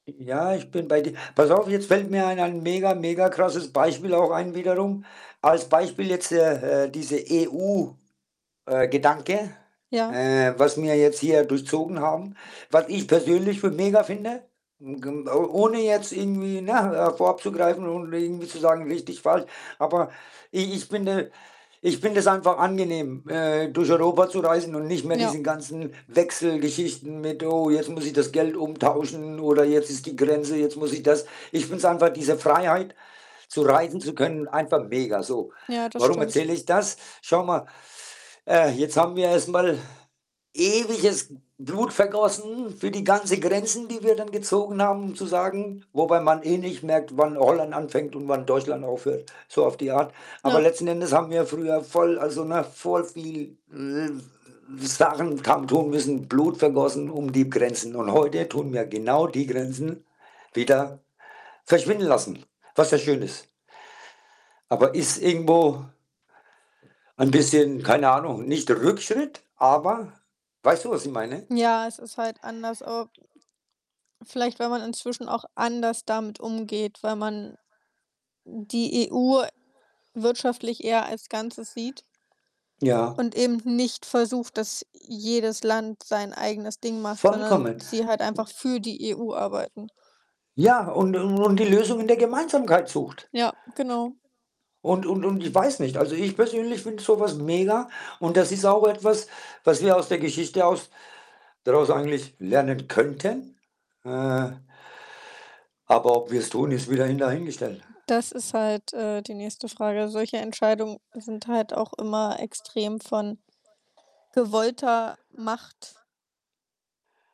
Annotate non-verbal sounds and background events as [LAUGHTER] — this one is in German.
Ja, ich bin bei dir. Pass auf, jetzt fällt mir ein ein mega, mega krasses Beispiel auch ein wiederum. Als Beispiel jetzt, äh, äh, diese EU äh, Gedanke, Ja. äh, was mir jetzt hier durchzogen haben, was ich persönlich für mega finde, hm, g m o ohne jetzt irgendwie, ne, äh, vorab zu greifen und irgendwie zu sagen: „Richtig, falsch.“ Aber ich ich finde ich finde es einfach angenehm, äh, durch Europa zu reisen und nicht mehr Ja. diesen ganzen Wechselgeschichten mit „Oh, jetzt muss ich das Geld umtauschen“, oder „Jetzt ist die Grenze, jetzt muss ich das“, ich finde es einfach diese Freiheit, zu reisen zu können, einfach mega so. Ja, das Warum stimmt. erzähle ich das? Schau mal, äh, jetzt haben wir erst mal ewiges B Blut vergossen für die ganze Grenzen, die wir dann gezogen haben, um zu sagen wobei man eh nicht merkt, wann Holland anfängt und wann Deutschland aufhört, so auf die Art. Aber Ja. letzten Endes haben wir früher voll also, ne, voll viel, äh, äh, Sachen haben tun müssen, Blut vergossen um die Grenzen. Und heute tun wir genau die Grenzen wieder verschwinden lassen, was ja schön ist. Aber ist irgendwo ein bisschen keine Ahnung, nicht Rückschritt, aber weißt du, was ich meine? Ja, es ist halt anders, ob vielleicht, weil man inzwischen auch anders damit umgeht, weil man die EU wirtschaftlich eher als Ganzes sieht Ja. und eben nicht versucht, dass jedes Land sein eigenes Ding macht, sondern Vollkommen. sie halt einfach für die EU arbeiten. J Ja, und und und die Lösung in der Gemeinsamkeit sucht. [UNINTELLIGIBLE] Ja, genau. Und und und ich weiß nicht. Also, ich persönlich finde so was mega und das ist auch etwas, was wir aus der Geschichte aus daraus eigentlich lernen könnten. Äh aber ob wir's tun, ist wieder hin dahingestellt. Das ist halt, äh, die nächste Frage. Solche Entscheidungen sind halt auch immer extrem von gewollter Macht.